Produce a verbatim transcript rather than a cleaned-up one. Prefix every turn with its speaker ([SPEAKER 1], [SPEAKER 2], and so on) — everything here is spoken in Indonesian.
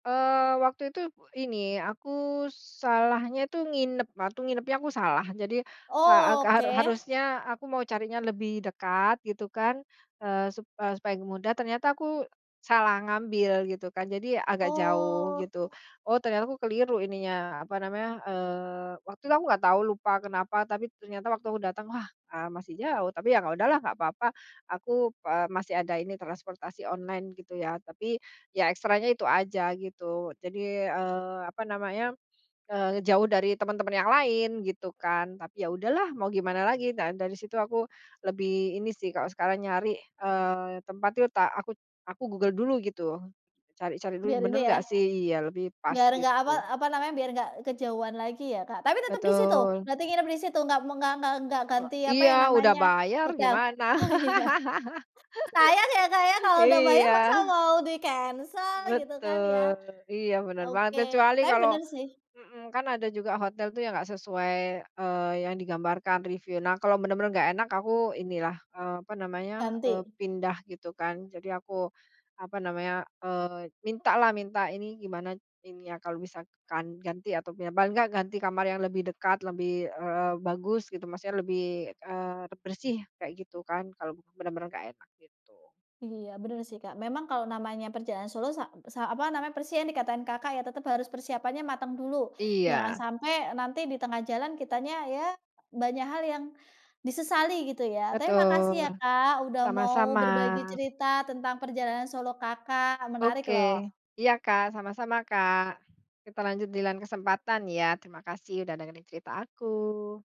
[SPEAKER 1] Eee, waktu itu p ini, aku salahnya itu nginep, waktu nginepnya aku salah, jadi saak
[SPEAKER 2] Oke.
[SPEAKER 1] haru harusnya aku mau carinya lebih dekat, gitu kan, eee, sup eee, supaya mudah, ternyata aku salah ngambil, gitu kan, jadi agak jauh,
[SPEAKER 2] Oh.
[SPEAKER 1] gitu. Oh, ternyata aku keliru ininya, apa namanya, eee, waktu itu aku nggak tahu, lupa kenapa, tapi ternyata waktu aku datang, wah, eee, masih jauh, tapi yang udahlah nggak papa. Aku, eee, masih ada ini, transportasi online, gitu ya. Tapi, ya ekstranya itu aja, gitu, jadi, eee, apa namanya, eee, ngejauh dari teman-teman yang lain, gitu kan. Tapi, ya udahlah mau gimana lagi, dan dari situ aku lebih ini sih, kalau sekarang nyari, eee, tempat itu tak aku aku Google dulu gitu, cari-cari dulu,
[SPEAKER 2] Biar ini
[SPEAKER 1] bener
[SPEAKER 2] ya.
[SPEAKER 1] nggak sih iya, lebih pas,
[SPEAKER 2] Biar nggak apa
[SPEAKER 1] gitu.
[SPEAKER 2] apa namanya, biar nggak kejauhan lagi ya, Kak. Tapi tetep di situ?
[SPEAKER 1] Betul.
[SPEAKER 2] Berarti nginep di situ, enggak me enggak enggak enggak
[SPEAKER 1] E
[SPEAKER 2] ganti apa
[SPEAKER 1] iya,
[SPEAKER 2] yang
[SPEAKER 1] udah
[SPEAKER 2] namanya,
[SPEAKER 1] bayar,
[SPEAKER 2] hotel.
[SPEAKER 1] gimana?
[SPEAKER 2] Oh iya, sayang ya, Kak, ya, kalau udah bayar,
[SPEAKER 1] Iya.
[SPEAKER 2] masa mau dicancel gitu kan ya?
[SPEAKER 1] Betul. Iya, bener banget.
[SPEAKER 2] Oke.
[SPEAKER 1] Kecuali
[SPEAKER 2] Tapi
[SPEAKER 1] kalau
[SPEAKER 2] bener sih.
[SPEAKER 1] mhm, kan ada juga hotel tuh yang enggak sesuai, eee, yang digambarkan review, nah, kalau bener-bener nggak enak, aku ini lah, apa namanya, eee,
[SPEAKER 2] Ganti?
[SPEAKER 1] pindah gitu kan, jadi aku apa namanya, eee, minta lah, minta ini gimana ini ya, kalau misalkan ganti atau pindah, paling enggak ganti kamar yang lebih dekat, lebih, eee, bagus gitu, maksudnya, lebih, eee, bersih kayak gitu kan, kalau bener-bener nggak enak, gitu.
[SPEAKER 2] Iya, bener sih, Kak. Memang kalau namanya perjalanan solo, sa p sa apa namanya, persien yang dikatain Kakak, ya tetep harus persiapannya mateng dulu, jangan
[SPEAKER 1] Iya.
[SPEAKER 2] sampai nanti di tengah jalan kitanya ya, banyak hal yang disesali gitu ya, tapi makasih
[SPEAKER 1] Betul.
[SPEAKER 2] ya, Kak, udah mau
[SPEAKER 1] Sama-sama.
[SPEAKER 2] berbagi cerita tentang perjalanan solo Kakak, menarik
[SPEAKER 1] Oke.
[SPEAKER 2] loh.
[SPEAKER 1] Iya, Kak, sama-sama, Kak. Kita lanjut di lain kesempatan, ya. Terima kasih udah dengerin cerita aku.